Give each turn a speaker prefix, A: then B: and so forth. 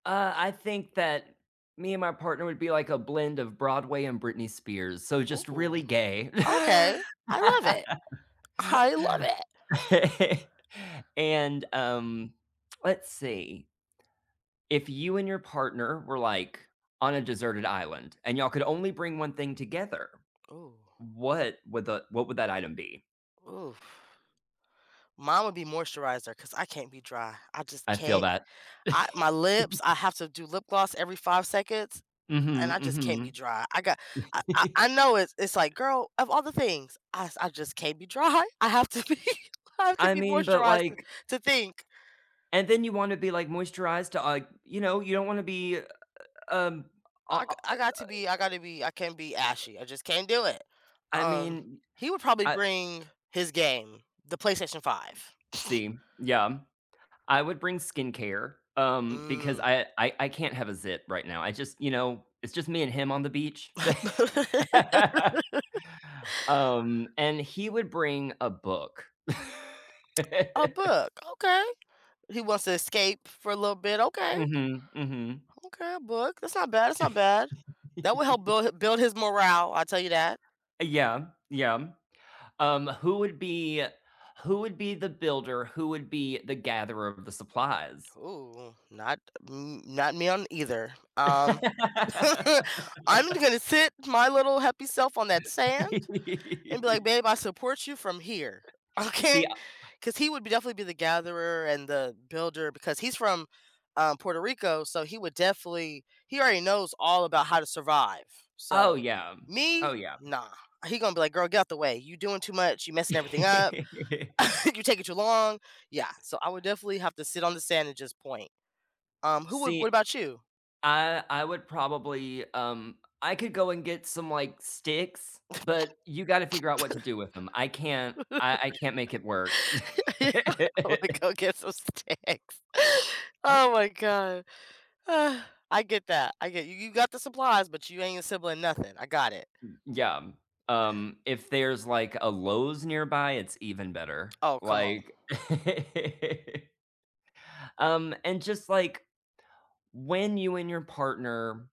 A: Uh, I think that me and my partner would be like a blend of Broadway and Britney Spears, so just
B: Ooh.
A: really gay.
B: Okay, I love it. I love it.
A: And, um, let's see, If you and your partner were, like, on a deserted island, and y'all could only bring 1 thing together,
B: Ooh.
A: what would the what would that item be?
B: Oof. Mine would be moisturizer 'cause I can't be dry. I just
A: I feel
B: can't
A: that.
B: I my lips I have to do lip gloss every 5 seconds and
A: Mhm,
B: I just can't be
A: mhm.
B: dry. I got I I I know it's it's like, "Girl, of all the things." I s I just can't be dry. I have to be I have to
A: I
B: be
A: mean, but
B: moisturized, to
A: like
B: to think.
A: And then you wanna be, like, moisturized to like you know, you don't wanna be, uh, uh, um, o
B: I g
A: o o
B: I got to be I gotta be I can't be ashy. I just can't do it.
A: I
B: Um,
A: mean,
B: he would probably
A: I
B: bring his game, the PlayStation 5.
A: See, yeah. I would bring skincare, um, because
B: Mm.
A: I I I can't have a zit right now. I just you know, it's just me and him on the beach. Um, and he would bring a book.
B: A book, okay. He wants to escape for a little bit, okay.
A: Mhm, mhm.
B: Okay, a book, that's not bad, that's not bad. That will help build build his morale, I'll tell you that.
A: Yeah, yeah. Um, who would be who would be the builder, who would be the gatherer of the supplies?
B: Ooh, not n not me on either. Um I'm gonna sit my little happy self on that sand and be like, "Babe, I support you from here,
A: See,
B: okay?"
A: uh
B: 'Cause he would b definitely be the gatherer and the builder because he's from, um, Puerto Rico, so he would definitely he already knows all about how to survive,
A: Oh
B: so,
A: yeah, oh
B: me?
A: yeah.
B: Nah. He gonna be like, "Girl, get out of the way. You doin' too much, you messing everything up. You taking too long." Yeah, so I would definitely have to sit on the sand and just point. Um, who would
A: See,
B: what about you?
A: I I would probably, um, I could go and get some, like, sticks, but you gotta figure out what to do with them. I can't I I can't make it work.
B: Yeah. "I'm gonna go get some snacks." Oh my God. I get that. I get you, you got the supplies, but you ain't assembling nothing. I got it.
A: M Yeah. Um, if there's, like, a Lowe's nearby, it's even better,
B: Oh, come on.
A: like Um, and just like, when you and your partner